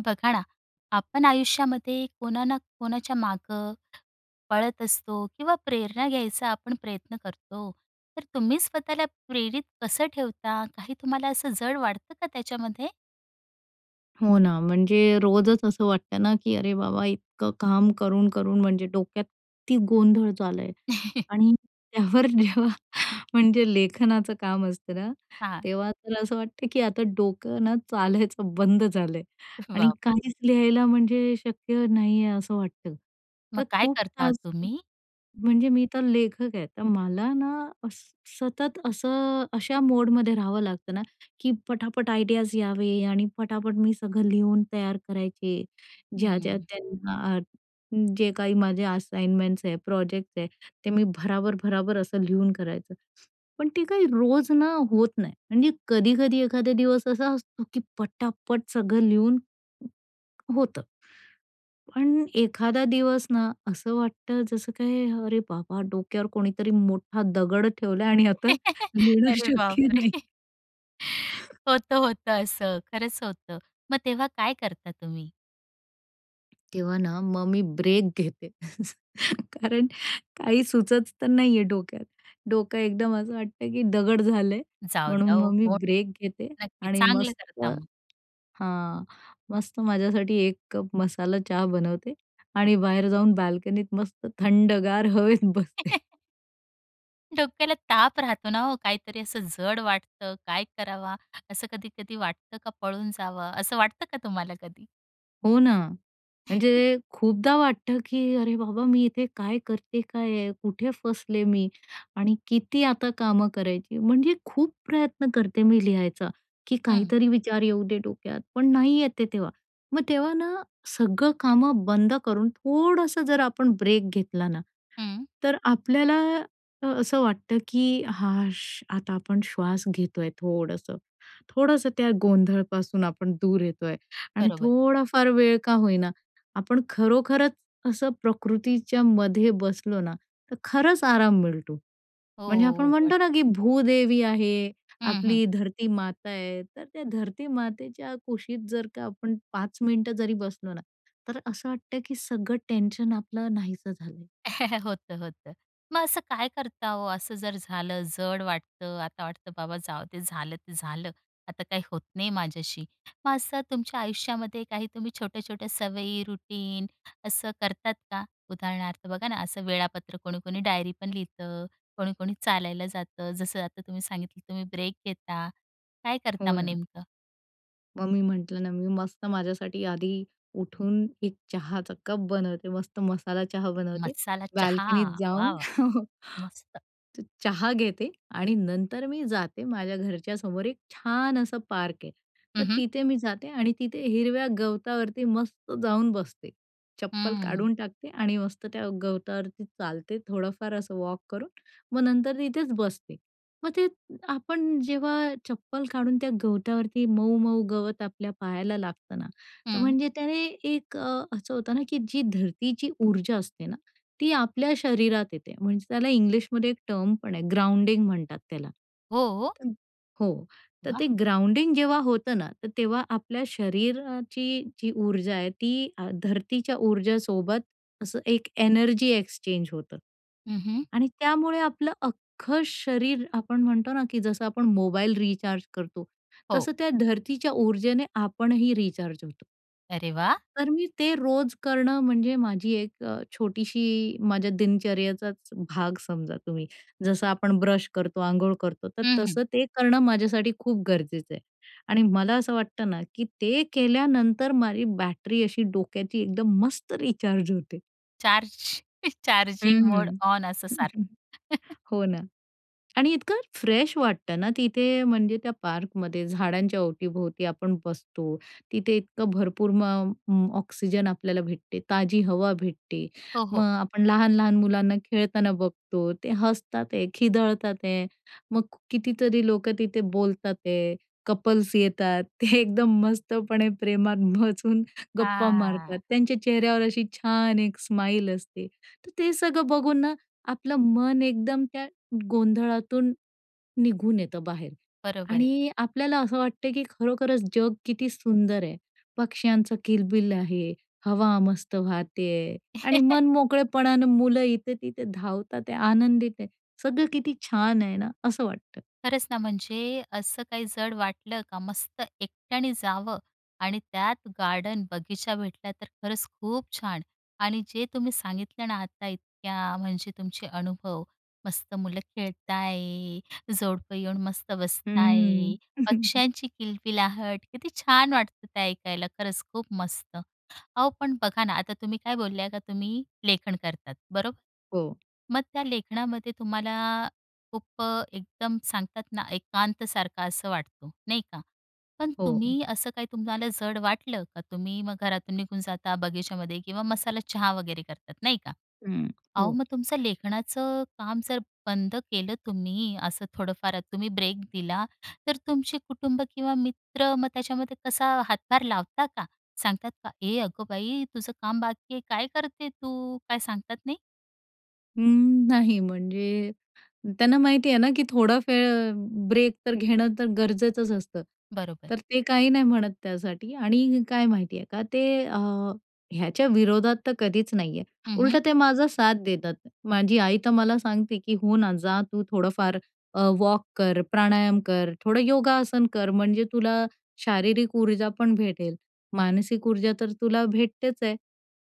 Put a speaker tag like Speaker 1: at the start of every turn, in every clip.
Speaker 1: बघा ना, आपण आयुष्यामध्ये कोणा ना कोणाच्या मागं पळत असतो किंवा प्रेरणा घ्यायचा आपण प्रयत्न करतो. तर तुम्ही स्वतःला प्रेरित कसं ठेवता? काही तुम्हाला असं जड वाटतं का त्याच्यामध्ये?
Speaker 2: हो ना, म्हणजे रोजच असं वाटतं ना, की अरे बाबा! इतकं काम करून, करून म्हणजे डोक्यात किती गोंधळ झाला आहे. आणि त्यावर जेव्हा म्हणजे लेखनाचं काम असतं ना,
Speaker 1: हां.
Speaker 2: तेव्हा तर असं वाटतं की आता डोकं ना चालायचं बंद झालं आहे. आणि
Speaker 1: वॉव!
Speaker 2: काहीच लिहायला म्हणजे शक्य नाही आहे, असं वाटतं.
Speaker 1: मग
Speaker 2: तर
Speaker 1: काय
Speaker 2: खूप
Speaker 1: करता
Speaker 2: तास
Speaker 1: तुम्ही?
Speaker 2: म्हणजे मी तर लेखक आहे, तर मला ना अस सतत असं अशा मोडमध्ये राहावं लागतं ना की पटापट आयडियाज यावे आणि पटापट मी सगळं लिहून तयार करायचे. ज्या-ज्या
Speaker 1: हं.
Speaker 2: त्यांना जे काही माझे असाइनमेंट्स आहे, प्रोजेक्ट आहे, ते मी भराभर-भराभर असं लिहून करायचे. पण ते काही रोज ना होत नाही आणि कधी-कधी एखादा दिवस असा असतो की पटापट सगळं लिहून होतं. पण एखादा दिवस ना, असं वाटतं जसं काय अरे बाबा! डोक्यावर कोणीतरी मोठा दगड ठेवला आहे आणि आता लिहणं
Speaker 1: अरे
Speaker 2: शक्य
Speaker 1: बापरे!
Speaker 2: नाही.
Speaker 1: होतं, होतं, असं खरंच होतं. मग तेव्हा काय करता तुम्ही?
Speaker 2: तेव्हा ना, मग मी ब्रेक घेते. कारण काही सुचत तर नाही आहे डोक्यात. डोकं एकदम असं वाटतं, की दगड झालंय.
Speaker 1: जाऊ द्या
Speaker 2: म्हणून
Speaker 1: ओ
Speaker 2: मग मी
Speaker 1: कोण
Speaker 2: ब्रेक घेते
Speaker 1: नक्कीच
Speaker 2: आणि
Speaker 1: चांगलं
Speaker 2: मस्त
Speaker 1: करता मग.
Speaker 2: हां. मस्त माझ्यासाठी 1 कप मसाला चहा बनवते आणि बाहेर जाऊन बाल्कनीत मस्त थंडगार हवेत बसते.
Speaker 1: डोक्याला ताप राहतो ना हो काहीतरी असं जड वाटतं, काय करावा? असं कधी-कधी वाटतं का, पळून जावं असं वाटतं का तुम्हाला कधी?
Speaker 2: हो ना. म्हणजे खूपदा वाटतं, की अरे बाबा, मी इथे काय करते काय आहे? कुठे फसले मी? आणि किती आता कामं करायची? म्हणजे खूप प्रयत्न करते मी लिहायचा, की
Speaker 1: हं.
Speaker 2: काहीतरी विचार येऊ दे, डोक्यात पण नाही येते तेव्हा. मग तेव्हा ना, सगळं कामं बंद करून, थोडंसं जर आपण ब्रेक घेतला ना,
Speaker 1: हं.
Speaker 2: तर आपल्याला असं वाटतं, की "हा श," आता आपण श्वास घेतो आहे थोडंसं. थोडंसं त्या गोंधळपासून आपण दूर येतो आहे आणि
Speaker 1: बरोबर.
Speaker 2: थोडाफार वेळ का होईना आपण खरोखरच असं प्रकृतीच्यामध्ये बसलो ना, तर खरंच आराम मिळतो. म्हणजे आपण
Speaker 1: हो, वाट
Speaker 2: म्हणतो ना, की भूदेवी आहे.
Speaker 1: हं, हं.
Speaker 2: आपली धरतीमाता आहे. तर त्या धरतीमातेच्या कुशीत जर का आपण 5 मिनिटं जरी बसलो ना, तर असं वाटतं, की सगळं टेन्शन आपलं नाहीसं झालंय.
Speaker 1: होतं, होतं. मग असं काय करता हो? असं जर झालं, जड वाटतं. आता वाटतं बाबा जाऊ दे, झालं ते झालं. आता काही होत नाहीय माझ्याशी. मग असं तुमच्या आयुष्यामध्ये काही तुम्ही छोट्या-छोट्या सवयी, रुटीन असं करतात का? उदाहरणार्थ बघा ना, असं वेळापत्रक कोणी-कोणी डायरीपण लिहितं. कोणी-कोणी चालायला जातं. जसं आता तुम्ही सांगितलं, तुम्ही ब्रेक घेता. काय करता
Speaker 2: हो
Speaker 1: मग
Speaker 2: ना.
Speaker 1: नेमकं?
Speaker 2: मग मी म्हटलं ना, मी मस्त माझ्यासाठी आधी उठून एक चहाचा कप बनवते. मस्त मसाला चहा बनवते.
Speaker 1: मसाला चहा.
Speaker 2: बाल्कनीत
Speaker 1: वाह!
Speaker 2: जाऊन
Speaker 1: वाह! मस्त.
Speaker 2: तो चहा घेते आणि नंतर मी जाते माझ्या घरच्या समोर एक छान असं पार्क आहे. तर
Speaker 1: हं, हं.
Speaker 2: तिथे मी जाते आणि तिथे हिरव्या गवतावरती मस्त जाऊन बसते. चप्पल
Speaker 1: हं.
Speaker 2: काढून टाकते आणि मस्त त्या गवतावरती चालते थोडंफार असं वॉक करून. मग नंतर तिथेच बसते. मग ते आपण जेव्हा चप्पल काढून त्या गवतावरती मऊ-मऊ गवत आपल्या पायाला लागतं ना, तर
Speaker 1: हं.
Speaker 2: म्हणजे त्याने एक अ, असं होतं ना, की जी धरतीची ऊर्जा असते ना, ती आपल्या शरीरात येते. म्हणजे त्याला इंग्लिशमध्ये एक टर्म पण आहे, ग्राउंडिंग म्हणतात त्याला.
Speaker 1: हो.
Speaker 2: हो. तर
Speaker 1: वाह!
Speaker 2: ते ग्राउंडिंग जेव्हा होतं ना, तर तेव्हा आपल्या शरीराची जी ऊर्जा आहे ती अ, धरतीच्या ऊर्जासोबत असं एक एनर्जी एक्सचेंज होतं
Speaker 1: हं, हं.
Speaker 2: आणि त्यामुळे आपलं अख्खं शरीर आपण म्हणतो ना, की जसं आपण मोबाईल रिचार्ज करतो
Speaker 1: हो.
Speaker 2: तसं त्या धर्तीच्या ऊर्जेने आपणही रिचार्ज होतो.
Speaker 1: अरे वा!
Speaker 2: तर, मी ते रोज करणं म्हणजे माझी एक अ, छोटीशी माझ्या दिनचर्येचाच भाग समजा तुम्ही. जसं आपण ब्रश करतो, अंघोळ करतो, तर
Speaker 1: हं, हं.
Speaker 2: तसं ते करणं, माझ्यासाठी खूप गरजेचं आहे आणि मला असं वाटतं ना, की ते केल्यानंतर, माझी बॅटरी अशी डोक्याची एकदम मस्त रिचार्ज होते.
Speaker 1: चार्ज, चार्जिंग मोड
Speaker 2: हं.
Speaker 1: ऑन, असं सारखं.
Speaker 2: हो, ना. आणि इतकं फ्रेश वाटतं ना तिथे म्हणजे त्या पार्कमध्ये, झाडांच्या अवती-भोवती आपण बसतो, तिथे इतकं भरपूर म मग ऑक्सिजन आपल्याला भेटते, ताजी हवा भेटते,
Speaker 1: हो,
Speaker 2: मग
Speaker 1: हो.
Speaker 2: आपण लहान-लहान मुलांना खेळताना बघतो. ते हसतात आहे, खिदळतात आहे, मग कितीतरी लोकं तिथे बोलतात आहे, कपल्स येतात एकदम, मस्तपणे प्रेमात बसून गप्पा मारतात,
Speaker 1: हां.
Speaker 2: त्यांच्या चेहऱ्यावर अशी छान एक स्माईल असते, तर ते सगळं बघून ना, आपलं मन एकदम, त्या गोंधळातून निघून येतं बाहेर
Speaker 1: बरोबर आहे.
Speaker 2: आणि आपल्याला असं वाटते, की खरोखरच जग किती सुंदर आहे. पक्ष्यांचं किलबिल आहे, हवा मस्त वाहत आहे आणि मन-मोकळेपणानं, मुलं इथे तिथे धावतात आहे, आनंदित आहे, सगळं किती छान आहे ना, असं वाटतं.
Speaker 1: खरंच ना, म्हणजे असं काही जड वाटलं का, मस्त एकट्याने जावं आणि त्यात गार्डन, बगीचा भेटला, तर खरंच खूप छान. आणि जे तुम्ही सांगितलं ना आता इतक्या, अ, म्हणजे तुमचे अनुभव, मस्त मुलं खेळत आहे, जोडपं येऊन मस्त बसत आहे,
Speaker 2: हं.
Speaker 1: पक्ष्यांची किलकिलाहट, किती छान वाटतं ते ऐकायला, खरंच खूप मस्त. अहो, पण बघा ना आता, तुम्ही काय बोलल्या का, तुम्ही लेखन करतात, बरोबर?
Speaker 2: हो.
Speaker 1: मग त्या, लेखनामध्ये तुम्हाला खूप एकदम सांगतात ना, एकांत सारखं असं वाटतो, नाही का? पण
Speaker 2: हो.
Speaker 1: तुम्ही, असं काही तुम्हाला जड वाटलं का, तुम्ही मग घरातून निघून जाता, बगीच्यामध्ये किंवा मसाला चहा वगैरे करतात, नाही का?
Speaker 2: हं,
Speaker 1: अहो,
Speaker 2: हो.
Speaker 1: मग तुमचं लेखनाचं काम जर बंद केलं तुम्ही असं, थोडंफार तुम्ही ब्रेक दिला तर, तुमची कुटुंब किंवा मित्र मग त्याच्यामध्ये कसा हातभार लावता का? सांगतात का? "ए, अगं बाई तुझं काम बाकी आहे, काय करते तू?" काय सांगतात नाही?
Speaker 2: उम्म, नाही, म्हणजे त्यांना माहिती आहे ना, की थोडा फ ब्रेक तर घेणं, तर गरजेचंच असतं,
Speaker 1: बरोबर.
Speaker 2: तर ते काही नाही म्हणत त्यासाठी. आणि काय माहिती आहे का, ते अ, ह्याच्या विरोधात तर कधीच नाही आहे.
Speaker 1: हं, हं.
Speaker 2: उलटं, ते माझा साथ देतात. माझी आई तर मला सांगते, की "हो ना, जा तू थोडंफार अ, वॉक कर, प्राणायाम कर, थोडं योगासन कर, म्हणजे तुला शारीरिक ऊर्जा पण भेटेल, मानसिक ऊर्जा तर तुला भेटतेच आहे.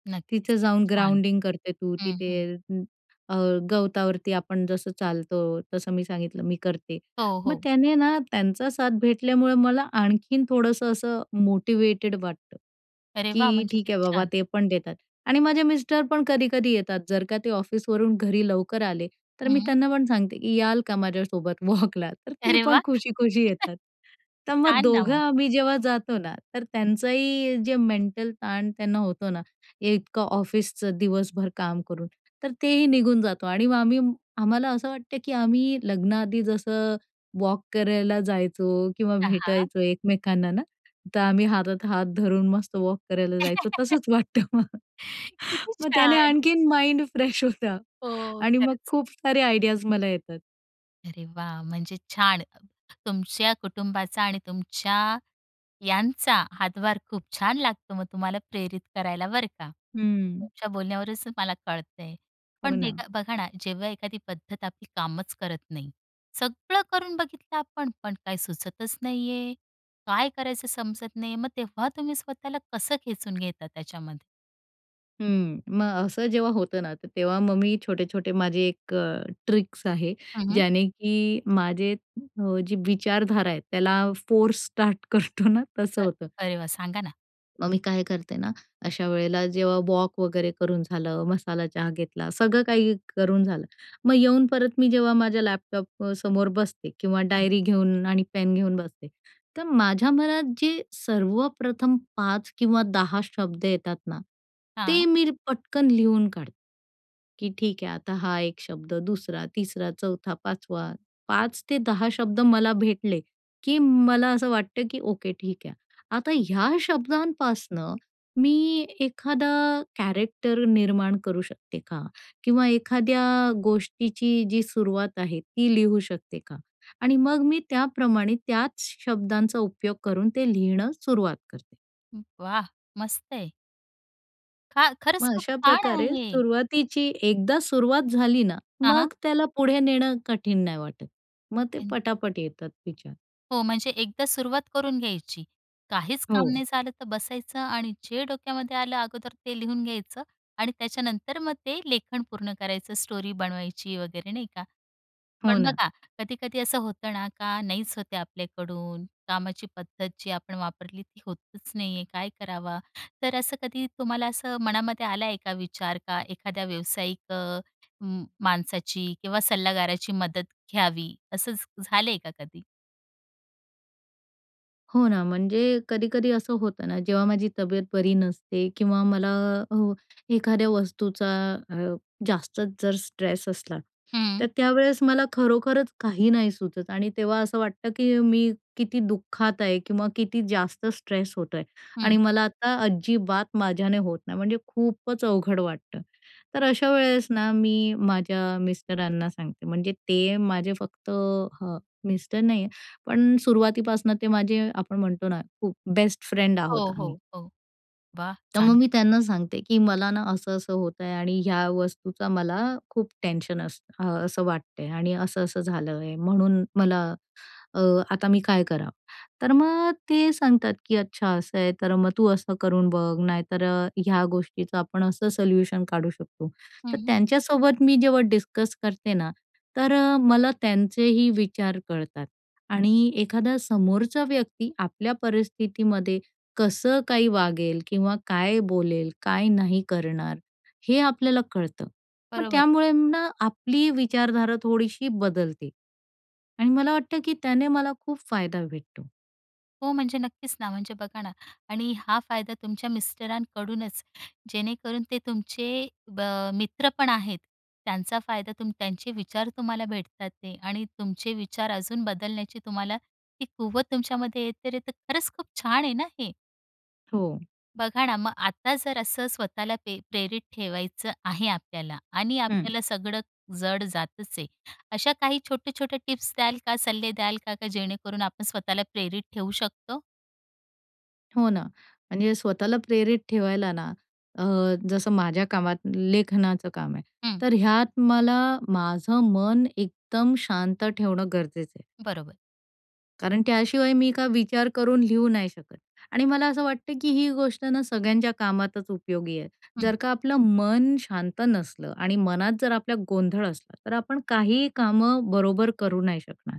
Speaker 1: नक्कीच.
Speaker 2: तिथं
Speaker 1: किती
Speaker 2: जाऊन
Speaker 1: छान.
Speaker 2: ग्राउंडिंग करते तू
Speaker 1: हं,
Speaker 2: तिथे."
Speaker 1: हं.
Speaker 2: हं. अ, गवतावरती आपण जसं चालतो तसं. मी सांगितलं, मी करते.
Speaker 1: हो,
Speaker 2: मग
Speaker 1: हो.
Speaker 2: त्याने ना, त्यांचा साथ भेटल्यामुळं मला आणखीन थोडंसं असं मोटिव्हेटेड वाटतं,
Speaker 1: अरे वाह!
Speaker 2: की
Speaker 1: म्हणजे
Speaker 2: ठीक
Speaker 1: किती
Speaker 2: आहे बाबा,
Speaker 1: छान.
Speaker 2: ते पण देतात. आणि माझे मिस्टर पण कधी-कधी येतात, जर का ते ऑफिसवरून घरी लवकर आले, तर मी
Speaker 1: हं.
Speaker 2: त्यांना पण सांगते, की याल का माझ्यासोबत वॉकला? तर ते
Speaker 1: अरे
Speaker 2: पण
Speaker 1: वाह!
Speaker 2: खुशी-खुशी येतात. तर मग
Speaker 1: छान! ना,
Speaker 2: दोघं
Speaker 1: हो.
Speaker 2: आम्ही जेव्हा जातो ना, तर त्यांचंही जे मेंटल ताण त्यांना होतो ना, एकतर ऑफिसचं दिवसभर काम करून, तर तेही निघून जातो. आणि मग आम्ही आम्हाला असं वाटतं, की आम्ही लग्नाआधी जसं वॉक करायला जायचो किंवा
Speaker 1: हां, हां.
Speaker 2: भेटायचो एकमेकांना ना. तर आम्ही हातात हात धरून मस्त वॉक करायला जायचो, तसंच वाटतं मग.
Speaker 1: किती
Speaker 2: मग त्याने
Speaker 1: छान!
Speaker 2: आणखीन माइंड फ्रेश होतं.
Speaker 1: ओह!
Speaker 2: आणि मग
Speaker 1: खरंच.
Speaker 2: खूप सारे आयडियाज मला येतात.
Speaker 1: अरे वाह! म्हणजे छान अ, तुमच्या कुटुंबाचा आणि तुमच्या यांचा हातभार खूप छान लागतो, मग तुम्हाला प्रेरित करायला बरं का.
Speaker 2: हं.
Speaker 1: तुमच्या बोलण्यावरूनच मला कळतंय.
Speaker 2: हो
Speaker 1: पण
Speaker 2: ना.
Speaker 1: बेघा, बघा ना, जेव्हा एखादी पद्धत आपली कामच करत नाही, सगळं करून बघितलं आपण पण काही सुचतच नाहीये काय करायचं समजत नाहीये. मग तेव्हा तुम्ही स्वतःला कसं खेचून घेता त्याच्यामध्ये?
Speaker 2: हं. मग असं जेव्हा होतं ना, त तेव्हा मग मी छोटे-छोटे माझे एक अ, ट्रिक्स आहे
Speaker 1: हं, हं.
Speaker 2: ज्याने, की माझे अ, जी विचारधारा आहे त्याला फोर्स स्टार्ट करतो ना तसं
Speaker 1: अ,
Speaker 2: होतं.
Speaker 1: अरे वाह! सांगा ना.
Speaker 2: मग मी काय करते ना, अशा वेळेला जेव्हा वॉक वगैरे करून झालं, मसाला चहा घेतला, सगळं काही करून झालं. मग येऊन परत मी जेव्हा माझ्या लॅपटॉप अ, समोर बसते किंवा
Speaker 1: हं.
Speaker 2: डायरी घेऊन आणि पेन घेऊन बसते. तर माझ्या मनात जे सर्वप्रथम 5 किंवा 10 शब्द येतात ना, ते
Speaker 1: हां.
Speaker 2: मीर पटकन लिहून काढते, की ठीक आहे आता हा 1 शब्द, 2रा, 3रा, 4था 5वा 5-10 शब्द मला भेटले, की मला असं वाटतं, की ओके ठीक आहे. आता ह्या शब्दांपासनं मी एखादा कॅरेक्टर निर्माण करू शकते का? किंवा एखाद्या गोष्टीची जी सुरुवात आहे ती लिहू शकते का? आणि मग मी त्याप्रमाणे त्याच शब्दांचा उपयोग करून ते लिहिणं सुरुवात करते.
Speaker 1: वाह! मस्तय. खा खरंच
Speaker 2: मग
Speaker 1: खूप
Speaker 2: अशा
Speaker 1: छान
Speaker 2: प्रकारे
Speaker 1: आहे.
Speaker 2: सुरुवातीची एकदा सुरुवात झाली ना,
Speaker 1: हां,
Speaker 2: मग
Speaker 1: हां.
Speaker 2: त्याला पुढे नेणं कठीण नाही वाटत. मग ते
Speaker 1: अन्.
Speaker 2: पटापट येतात तिच्यात.
Speaker 1: हो, म्हणजे एकदा सुरुवात करून घ्यायची काहीच काम
Speaker 2: हो.
Speaker 1: नाही झालं तर बसायचं आणि जे डोक्यामध्ये आलं, अगोदर ते लिहून घ्यायचं आणि त्याच्यानंतर मग ते लेखन पूर्ण करायचं स्टोरी बनवायची वगैरे नाही का.
Speaker 2: हो
Speaker 1: पण
Speaker 2: ना.
Speaker 1: बघा कधी-कधी असं होतं ना का, नाहीच होते आपल्याकडून, कामाची पद्धत जी आपण वापरली ती होतच नाहीये, काय करावं? तर असं कधी तुम्हाला असं मनामध्ये आला आहे का विचार का एखाद्या व्यावसायिक अ, उम माणसाची किंवा सल्लागाराची मदत घ्यावी असं झ झालंय का कधी?
Speaker 2: हो ना, म्हणजे कधी-कधी असं होतं ना जेव्हा माझी तब्येत बरी नसते किंवा मला अ, एखाद्या वस्तूचा अ, जास्तच जर स्ट्रेस असला तर
Speaker 1: हं.
Speaker 2: त्यावेळेस मला खरोखरच काही नाही सुचत आणि तेव्हा असं वाटतं, की मी किती दुःखात आहे किंवा किती जास्त स्ट्रेस होतो आहे आणि
Speaker 1: हं.
Speaker 2: मला आता अजिबात माझ्याने होत नाही म्हणजे खूपच अवघड वाटतं. तर अशा वेळेस ना मी माझ्या मिस्टरांना सांगते. म्हणजे ते माझे फक्त हां, मिस्टर नाहीये पण सुरुवातीपासनं ते माझे आपण म्हणतो ना, खूप बेस्ट फ्रेंड आहोत
Speaker 1: हो, हो,
Speaker 2: आम्ही.
Speaker 1: हो, वाह1
Speaker 2: तर मग
Speaker 1: चांगली.
Speaker 2: मी त्यांना सांगते की मला ना असं-असं होत आहे आणि ह्या वस्तूचा मला खूप टेन्शन असतं अ, असं वाटते आणि असं-असं झालं आहे, म्हणून मला अ, आता मी काय करावं. तर मग ते सांगतात, "की अच्छा असं आहे तर मग तू असं करून बघ, नाही तर ह्या गोष्टीचं आपण असं सल्यूशन काढू शकतो." तर
Speaker 1: हं.
Speaker 2: त्यांच्यासोबत मी जेव्हा डिस्कस करते ना तर मला त्यांचेही विचार कळतात आणि एखादा समोरचा व्यक्ती आपल्या परिस्थितीमध्ये कसं काही वागेल? किंवा काय बोलेल, काय नाही करणार? हे आपल्याला कळतं. मग
Speaker 1: बरोबर.
Speaker 2: त्यामुळे ना, आपली विचारधारा थोडीशी बदलते आणि मला वाटतं की त्याने मला खूप फायदा भेटतो.
Speaker 1: हो, म्हणजे नक्कीच ना, म्हणजे बघा ना आणि हा फायदा तुमच्या मिस्टरांकडूनच जेणेकरून ते तुमचे ब मित्र पण आहेत, त्यांचा फायदा तुम त्यांचे विचार तुम्हाला भेटत आहेत आणि तुमचे विचार अजून बदलण्याची तुम्हाला ती कुवत तुमच्यामध्ये आहे तर ते खरंच खूप छान आहे ना, हे.
Speaker 2: हो.
Speaker 1: बघा ना मग आता जर असं स्वतःला पे प्रेरित ठेवायचं आहे आपल्याला आणि
Speaker 2: हं.
Speaker 1: आपल्याला सगळं जड जातच आहे. अशा काही छोट्या-छोट्या टिप्स द्याल का, सल्ले द्याल का जेणेकरून आपण स्वतःला प्रेरित ठेऊ शकतो?
Speaker 2: हो ना, म्हणजे स्वतःला प्रेरित ठेवायला ना अ, जसं माझ्या कामात लेखनाचं काम आहे.
Speaker 1: हं.
Speaker 2: तर ह्यात मला माझं मन एकदम शांत ठेवणं गरजेचं आहे.
Speaker 1: बरोबर.
Speaker 2: कारण त्याशिवाय मी काय विचार करून लिहू नाही शकत आणि मला असं वाटतं की ही गोष्ट ना सगळ्यांच्या कामातच उपयोगी आहे.
Speaker 1: हं.
Speaker 2: जर का आपलं मन शांत नसलं आणि मनात जर आपला गोंधळ असला तर आपण काही कामं बरोबर करू नाही शकणार.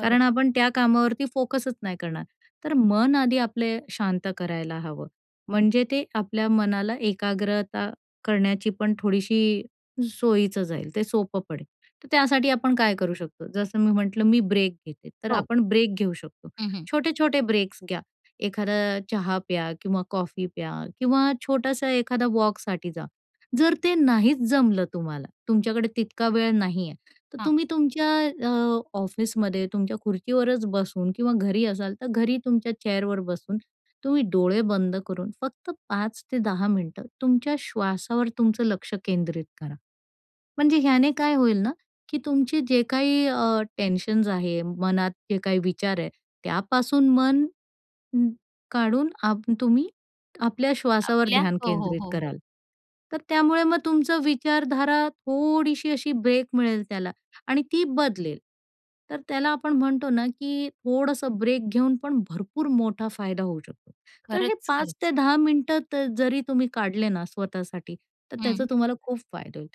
Speaker 2: कारण आपण त्या कामावरती फोकसच नाही करणार. तर मन आधी आपले शांत करायला हवं. म्हणजे ते आपल्या मनाला एकाग्रता करण्याची पण थोडीशी सोयीचं जाईल, ते सोपं पडेल. तर त्यासाठी आपण काय करू शकतो? जसं मी म्हटलं, "मी ब्रेक घेते." तर
Speaker 1: हो.
Speaker 2: आपण ब्रेक घेऊ शकतो.
Speaker 1: हं, हं.
Speaker 2: छोटे-छोटे ब्रेक्स घ्या. एखादा चहा प्या किंवा कॉफी प्या किंवा छोटासा एखादा वॉकसाठी जा. जर ते नाहीच जमलं तुम्हाला, तुमच्याकडे तितका वेळ नाही आहे, तर
Speaker 1: हां.
Speaker 2: तुम्ही तुमच्या अ, ऑफिसमध्ये तुमच्या खुर्चीवरच बसून किंवा घरी असाल तर घरी तुमच्या चेअरवर बसून तुम्ही डोळे बंद करून फक्त 5-10 मिनिटं तुमच्या श्वासावर तुमचं लक्ष केंद्रित करा. म्हणजे ह्याने काय होईल ना की तुमचे जे काही अ, टेन्शन्स आहे, मनात जे काही विचार आहे, त्यापासून मन उम्म, काढून आप तुम्ही आपल्या श्वासावर
Speaker 1: आपल्या
Speaker 2: ध्यान
Speaker 1: हो, हो,
Speaker 2: केंद्रित
Speaker 1: हो, हो.
Speaker 2: कराल. तर त्यामुळे मग तुमचं विचारधारा थोडीशी अशी ब्रेक मिळेल त्याला आणि ती बदलेल. तर त्याला आपण म्हणतो ना की थोडंसं ब्रेक घेऊन पण भरपूर मोठा फायदा होऊ शकतो. तर हे
Speaker 1: खरंच,
Speaker 2: पाच
Speaker 1: खरंच.
Speaker 2: ते दहा मिनिटं तर जरी तुम्ही काढले ना स्वतःसाठी तर त्याचा
Speaker 1: हं.
Speaker 2: तुम्हाला खूप फायदा होईल.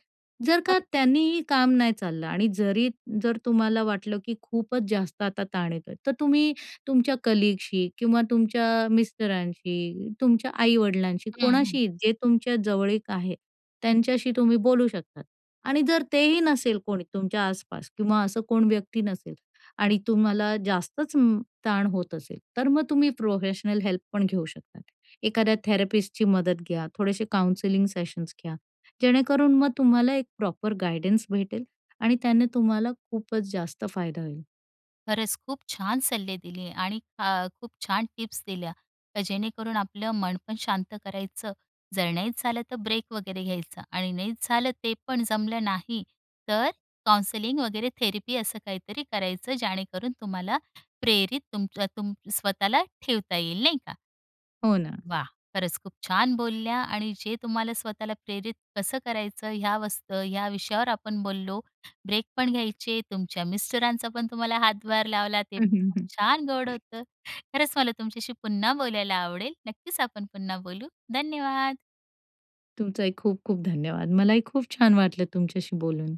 Speaker 2: जर का
Speaker 1: खरंच.
Speaker 2: त्यांनीही काम नाही चाललं आणि जरी जर तुम्हाला वाटलं की खूपच जास्त आता ताण येतोय तर तुम्ही तुमच्या कलीगशी किंवा तुमच्या मिस्टरांशी, तुमच्या आई-वडिलांशी,
Speaker 1: हं, हं.
Speaker 2: कोणाशी जे तुमच्या जवळीक आहे त्यांच्याशी तुम्ही बोलू शकतात आणि जर तेही नसेल कोणी तुमच्या आस-पास किंवा असं कोण व्यक्ती नसेल आणि तुम्हाला जास्तच उम्म, ताण होत असेल, तर मग तुम्ही प्रोफेशनल हेल्प पण घेऊ शकतात. एखाद्या थेरपिस्टची मदत घ्या, थोडेसे काउन्सिलिंग सेशन्स घ्या. जेणेकरून मग तुम्हाला एक प्रॉपर गाईडन्स भेटेल आणि त्याने तुम्हाला खूपच जास्त फायदा होईल.
Speaker 1: खरंच खूप छान सल्ले दिले आणि ख खूप छान टिप्स दिल्या. तर जेणेकरून आपलं मन पण शांत करायचं. जर नाहीच झालं तर ब्रेक वगैरे घ्यायचा आणि नाहीच झालं, ते पण जमलं नाही तर काउंसलिंग वगैरे थेरपी असं काहीतरी करायचं जेणेकरून तुम्हाला प्रेरित तुमचा तुम स्वतःला ठेवता येईल नाही का.
Speaker 2: हो ना.
Speaker 1: वाह! खरंच खूप छान बोलल्या! आणि जे तुम्हाला स्वतःला प्रेरित कसं करायचं ह्या वस्त या विषयावर आपण बोललो. ब्रेक पण घ्यायचे, तुमच्या मिस्टरांचा पण तुम्हाला हातभार लावला, ते प छान गोड होतं. खरंच मला तुमच्याशी पुन्हा बोलायला आवडेल. नक्कीच आपण पुन्हा बोलू. धन्यवाद.
Speaker 2: तुमचाही खूप-खूप धन्यवाद. मला ही खूप छान वाटलं तुमच्याशी बोलून.